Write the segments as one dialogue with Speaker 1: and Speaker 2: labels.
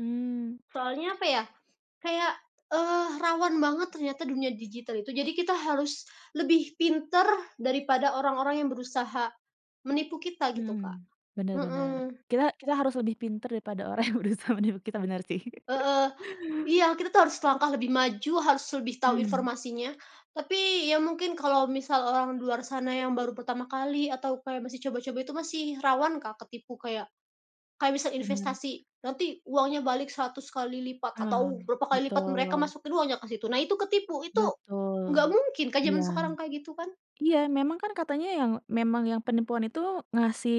Speaker 1: Mmm.
Speaker 2: Soalnya apa ya, kayak, eee, rawan banget ternyata dunia digital itu, jadi kita harus lebih pintar daripada orang-orang yang berusaha, menipu kita gitu Kak,
Speaker 1: Mhm, benar benar,
Speaker 2: mhm.
Speaker 1: kita kita harus lebih pintar daripada orang yang berusaha menipu kita benar sih.
Speaker 2: Heeh, iya kita tuh harus selangkah lebih maju, harus lebih tahu
Speaker 1: Mmm.
Speaker 2: informasinya, tapi ya mungkin kalau misal orang di luar sana yang baru pertama kali atau kayak masih coba-coba itu masih rawan Kak, ketipu kayak kayak misal
Speaker 1: Bener.
Speaker 2: investasi nanti uangnya balik 100 kali lipat
Speaker 1: Oh
Speaker 2: atau berapa kali lipat mereka
Speaker 1: betul.
Speaker 2: masukin uangnya ke situ. Nah itu ketipu itu,
Speaker 1: Betul,
Speaker 2: nggak mungkin Kak,
Speaker 1: iya,
Speaker 2: zaman sekarang kayak gitu kan.
Speaker 1: iya memang kan katanya yang memang yang penipuan itu ngasih,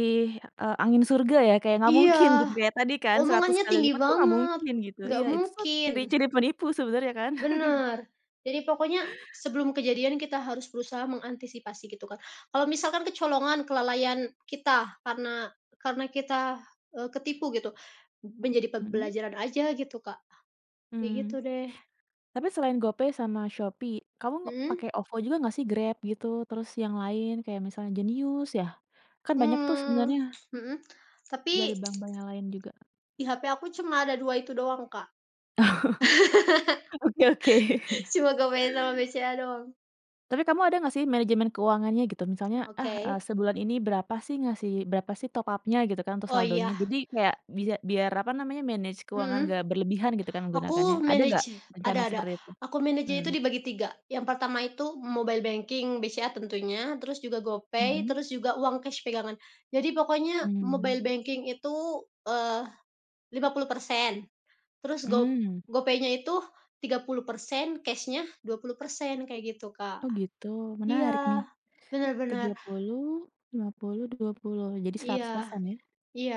Speaker 1: eee, angin surga ya kayak nggak mungkin
Speaker 2: Iya,
Speaker 1: gitu ya tadi kan 100
Speaker 2: omongannya
Speaker 1: kali
Speaker 2: tinggi
Speaker 1: lipat tuh nggak
Speaker 2: banget,
Speaker 1: mungkin gitu,
Speaker 2: nggak
Speaker 1: iya itu tuh
Speaker 2: mungkin.
Speaker 1: ciri-ciri penipu sebenarnya kan.
Speaker 2: Bener, jadi pokoknya sebelum kejadian kita harus berusaha mengantisipasi gitu Kak. Kalau misalkan kecolongan kelalaian kita, karena karena kita, eee, ketipu gitu, b menjadi
Speaker 1: Mhm.
Speaker 2: pembelajaran aja gitu Kak, ya
Speaker 1: Mmm,
Speaker 2: gitu deh.
Speaker 1: tapi selain GoPay sama Shopee kamu
Speaker 2: Mhm.
Speaker 1: pakai OVO juga nggak sih Grab gitu, terus yang lain kayak misalnya Jenius ya? Kan banyak tuh
Speaker 2: Mmm,
Speaker 1: sebenarnya
Speaker 2: mhm, tapi,
Speaker 1: dari bank bank yang lain juga.
Speaker 2: di hape aku cuma ada 2 itu doang Kak,
Speaker 1: Oke oke.
Speaker 2: cuma GoPay sama BCA doang.
Speaker 1: Tapi kamu ada nggak sih manajemen keuangannya gitu, misalnya, "Ah, eee,
Speaker 2: Oke.
Speaker 1: sebulan ini berapa sih ngasih berapa sih top up-nya" gitu kan, "untuk
Speaker 2: Oh iya.
Speaker 1: saldonya." Jadi kayak bisa biar apa namanya, manage keuangan
Speaker 2: Mhm,
Speaker 1: nggak berlebihan gitu kan menggunakannya,
Speaker 2: aku
Speaker 1: ada nggak
Speaker 2: manage
Speaker 1: rencana
Speaker 2: ada ada
Speaker 1: seperti itu?
Speaker 2: aku manage-nya itu
Speaker 1: Mmm.
Speaker 2: dibagi 3, yang pertama itu mobile banking BCA tentunya terus juga GoPay
Speaker 1: Mhm.
Speaker 2: terus juga uang cash pegangan. Jadi pokoknya
Speaker 1: Mmm.
Speaker 2: mobile banking itu, eee, 50%, terus go
Speaker 1: Mmm.
Speaker 2: GoPaynya itu 30% cashnya 20% kayak gitu Kak,
Speaker 1: Oh gitu menarik nih,
Speaker 2: iya benar
Speaker 1: tiga
Speaker 2: benar.
Speaker 1: puluh, lima puluh, dua puluh, jadi seratus
Speaker 2: Iya,
Speaker 1: persen ya?
Speaker 2: iya.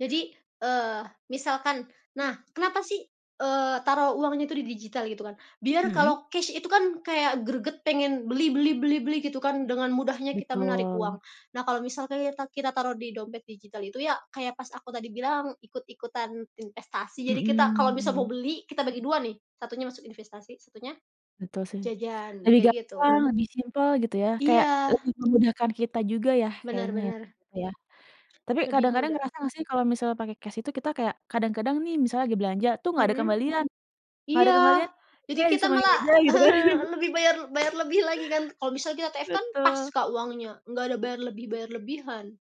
Speaker 2: Jadi, eee, misalkan nah kenapa sih, eee, taruh uangnya itu di digital gitu kan? Biar
Speaker 1: Mhm.
Speaker 2: kalau cash itu kan kayak greget pengen beli beli beli beli gitu kan dengan mudahnya kita menarik uang.
Speaker 1: Betul.
Speaker 2: Nah kalau misalkan kita kita taruh di dompet digital itu ya, kayak pas aku tadi bilang ikut-ikutan investasi, jadi kita kalau
Speaker 1: Mhm
Speaker 2: misal mau
Speaker 1: mhm.
Speaker 2: beli kita bagi 2, nih satunya masuk investasi satunya,
Speaker 1: Betul sih,
Speaker 2: jajan
Speaker 1: lebih
Speaker 2: kayak gitu.
Speaker 1: gampang lebih simple gitu ya, kayak lebih
Speaker 2: Iya.
Speaker 1: memudahkan kita juga ya,
Speaker 2: Benar
Speaker 1: kayaknya, ya,
Speaker 2: benar.
Speaker 1: Kak ya. Tapi
Speaker 2: Lebih
Speaker 1: kadang-kadang
Speaker 2: mudah?
Speaker 1: ngerasa nggak sih kalau misalnya pakai cash itu kita kayak kadang-kadang nih misalnya lagi belanja tuh, "Nggak ada
Speaker 2: Mhm,
Speaker 1: kembalian nggak ada
Speaker 2: iya,
Speaker 1: kembalian
Speaker 2: jadi
Speaker 1: [unintelligible]
Speaker 2: kita
Speaker 1: disumbangin
Speaker 2: malah
Speaker 1: aja," gitu kan.
Speaker 2: lebih bayar bayar lebih lagi kan kalau misal kita TF kan pas
Speaker 1: Betul.
Speaker 2: Kak, uangnya nggak ada bayar lebih bayar lebihan.